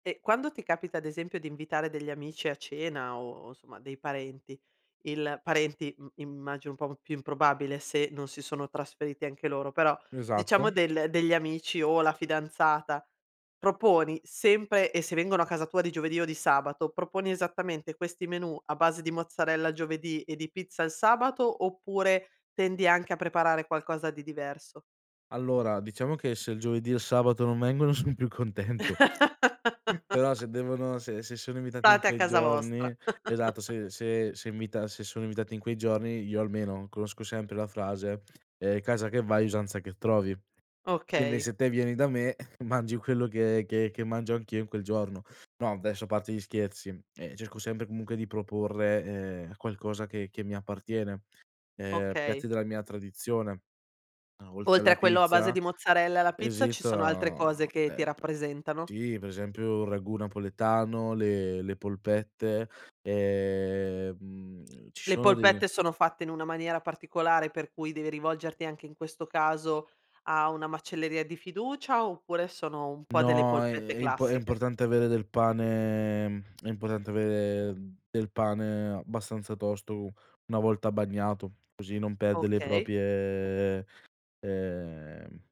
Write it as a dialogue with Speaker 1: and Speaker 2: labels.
Speaker 1: E quando ti capita ad esempio di invitare degli amici a cena o insomma dei parenti, il parenti im immagino un po' più improbabile se non si sono trasferiti anche loro, però
Speaker 2: Esatto.
Speaker 1: diciamo del degli amici o la fidanzata, proponi sempre e se vengono a casa tua di giovedì o di sabato, proponi esattamente questi menù a base di mozzarella giovedì e di pizza al sabato, oppure tendi anche a preparare qualcosa di diverso?
Speaker 2: Allora diciamo che se il giovedì e il sabato non vengono son più contento. Però se devono se se sono invitati in
Speaker 1: State a
Speaker 2: quei
Speaker 1: casa
Speaker 2: giorni
Speaker 1: vostra.
Speaker 2: esatto se se se invita se sono invitati in quei giorni io almeno conosco sempre la frase, ehm, "casa che vai usanza che trovi." Quindi
Speaker 1: Okay.
Speaker 2: se te vieni, eh, da me mangi quello che che che mangio anch'io in quel giorno. No adesso a parte gli scherzi, ehm, cerco sempre comunque di proporre, ehm, qualcosa che che mi appartiene, ehm, piatti
Speaker 1: Okay.
Speaker 2: della mia tradizione. No oltre
Speaker 1: Oltre
Speaker 2: alla
Speaker 1: a quello a base
Speaker 2: pizza,
Speaker 1: di mozzarella e alla pizza ci sono altre cose
Speaker 2: esita
Speaker 1: che ti
Speaker 2: ehm, p
Speaker 1: rappresentano?
Speaker 2: sì per esempio il ragù napoletano, le le polpette, ehm, mhmm, ci
Speaker 1: Le
Speaker 2: sono dei
Speaker 1: polpette sono fatte in una maniera particolare per cui devi rivolgerti anche in questo caso a una macelleria di fiducia, oppure sono un po' delle
Speaker 2: No, ehm,
Speaker 1: polpette
Speaker 2: è imp è
Speaker 1: classiche?
Speaker 2: importante avere del pane è importante avere del pane abbastanza tosto u una volta bagnato così non perde le
Speaker 1: Okay.
Speaker 2: proprie, ehm